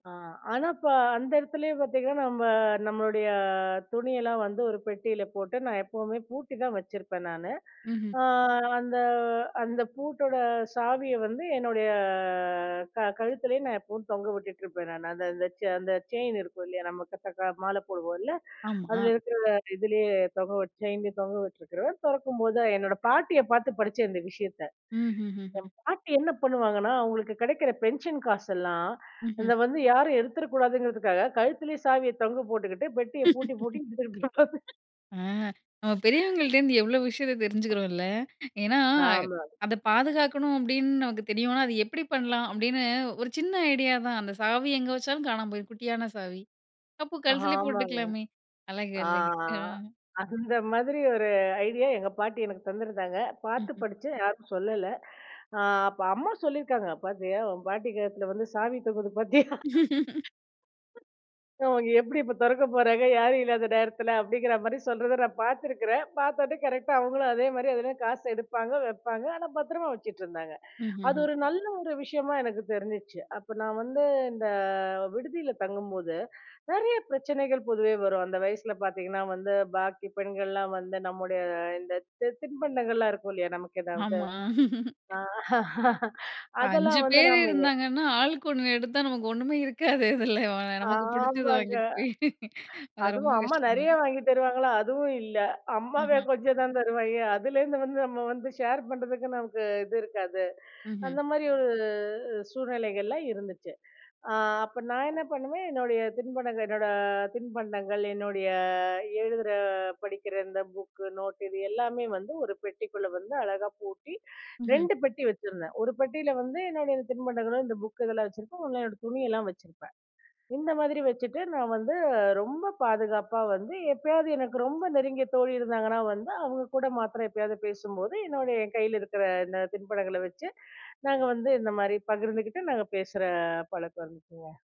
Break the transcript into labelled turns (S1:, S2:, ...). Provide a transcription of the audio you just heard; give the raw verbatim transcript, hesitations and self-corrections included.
S1: ஆ. ஆனா, இப்போ அந்த இடத்துலேயே பார்த்தீங்கன்னா, நம்ப நம்மளுடைய துணியெல்லாம் வந்து ஒரு பெட்டியில போட்டு, நான் எப்பவுமே பூட்டி தான் வச்சிருப்பேன் நானு.
S2: ம்ஹ்ம்.
S1: அ அந்த அந்த பூட்டோட சாவிய வந்து என்னுடைய அ க கழுத்திலேயே நான் எப்பவும் தொங்க விட்டுட்டுருப்பேன். நான் அந்த அந்த செ அந்த செயின் இருக்கும். இல்லயா! நம்ம [unintelligible] மாலை போடுவோம்ல.
S2: ஆம்மா.
S1: அதில இருக்கிற, அந்த இதிலேயே தொங்க விட் செயின்லேயே தொங்க விட்டுருக்கிறுவேன். திறக்கும்போதுதான் என்னோட பாட்டிய பார்த்து படிச்சேன், இந்த விஷயத்த.
S2: ம், ம்ஹ்ம்.
S1: என் பாட்டி என்ன பண்ணுவாங்கன்னா, அவுங்களுக்கு கிடைக்கிற பென்ஷன் காசெல்லாம்,
S2: ம்ஹ்ம்.
S1: அத வந்து யாரும் எடுத்துடக்கூடாதுங்கிறதுக்காக கழுத்திலேயே சாவிய தொங்க போட்டுக்கிட்டு, பெட்டிய பூட்டி, பூட்டி [unintelligible]
S2: ஆ. நம்ம பெரியவங்கள்ட்டேருந்து எவ்ளோ விஷயத்த தெரிஞ்சுக்கிறோம், இல்ல. ஏன்னா,
S1: ஆமா.
S2: "அத பாதுகாக்கணும்." அப்பிடின்னு நமக்கு தெரியுன்னா, "அத எப்பிடி பண்ணலாம்?" அப்பிடின்னு ஒரு சின்ன ஐடியா தான். அந்த சாவி எங்கே வச்சாலும் காணாம போயிடும். குட்டியான சாவி. அப்போ கழுத்திலே
S1: ஆமாங்க.
S2: போட்டுக்கலாமே! அழகு,
S1: ஆ,
S2: அழகு.
S1: ஆ.
S2: ஆ.
S1: அந்த மாதிரி ஒரு ஐடியா எங்க பாட்டி எனக்கு தந்திருந்தாங்க. பார்த்து படிச்சேன். யாருக்கும் சொல்லல. அ அப்ப, அம்மா சொல்லியிருக்காங்க, "பார்த்தியா! உன் பாட்டி கழுத்துல வந்து சாவி தொங்குது. பார்த்தியா! அவங்க எப்பிடி இப்போ திறக்கப் போறாங்க, யாரும் இல்லாத நேரத்தில?" அப்பிடிங்கிறமாரி சொல்றத நான் பார்த்திக்கிறேன். பார்த்தோன்னே கரெக்ட்டா அவுங்களும் அதேமாரி எதுன்னா காசு எடுப்பாங்க, வைப்பாங்க. ஆனா, பத்திரமா வச்சுட்ருந்தாங்க.
S2: ம்,
S1: அது
S2: ம்ஹ்ம்.
S1: ஒரு நல்ல ஒரு விஷயமா எனக்கு தெரிஞ்சுச்சு. அப்ப நான் வந்து, இந்த விடுதியில தங்கும்போது நிறைய பிரச்சனைகள் பொதுவே வரும். அந்த வயசில பார்த்தீங்கன்னா வந்து பாக்கி பெண்கள்லாம் வந்து நம்முடைய இந்த தி தின்பண்டங்கள்லாம் இருக்கும் இல்லயா! நமக்கு எதாவது
S2: ஆமா. இப்ப
S1: அதெல்லாம்
S2: அஞ்சு
S1: வந்து
S2: பேரு
S1: நம்ம ஏ
S2: இருந்தாங்கன்னா, ஆளுக்கு ஒண்ணு எடுத்தா, நமக்கு ஒண்ணுமே இருக்காது. இதில அ வா நமக்கு பிடிச்சது
S1: ஆமாங்க.
S2: வாங்கிக்கிட்டு போய் அது ரொம்ப
S1: அதுவும் அம்மா
S2: கஷ்டமே!
S1: நிறைய வாங்கித் தருவாங்களா! அதுவும் இல்ல. அம்மாவே
S2: அஹா.
S1: கொஞ்சம் தான் தருவாங்க. அதுலேருந்து வந்து நம்ம வந்து ஷேர் பண்றதுக்கு நமக்கு இது இருக்காது.
S2: ம்ஹ்ம்.
S1: அந்தமாரி ஒரு அ சூழ்நிலைகள்லாம் இருந்துச்சு. அ அப்ப நான் என்ன பண்ணுவேன்? என்னுடைய தின்பண்டங்கள் என்னோட தின்பண்டங்கள், என்னுடைய எழுதுற, படிக்கிற இந்த புக்கு நோட்டு இது எல்லாமே வந்து ஒரு பெட்டிக்குள்ள வந்து அழகாக பூட்டி
S2: ம்ஹ்ம்.
S1: ரெண்டு பெட்டி வச்சிருந்தேன். ஒரு பெட்டியில வந்து என்னுடைய தின்பண்டங்களும், இந்த புக்கு இதெல்லாம் வச்சிருப்பேன். ஒண்ணுல என்னோட துணியெல்லாம் வச்சிருப்பேன். இந்த மாதிரி வச்சுட்டு, நான் வந்து ரொம்ப பாதுகாப்பா வந்து எப்பயாவது எனக்கு ரொம்ப நெருங்கிய தோழி இருந்தாங்கன்னா வந்து, அவுங்ககூட மாத்திரம் எப்பயாவது பேசும்போது, என்னுடைய என் கையில இருக்கிற இந்த தின்பண்டங்கள வச்சு நாங்க வந்து இந்தமாரி பகிர்ந்துக்கிட்டு, நாங்க பேசுற பழக்கம் இருந்துச்சுங்க.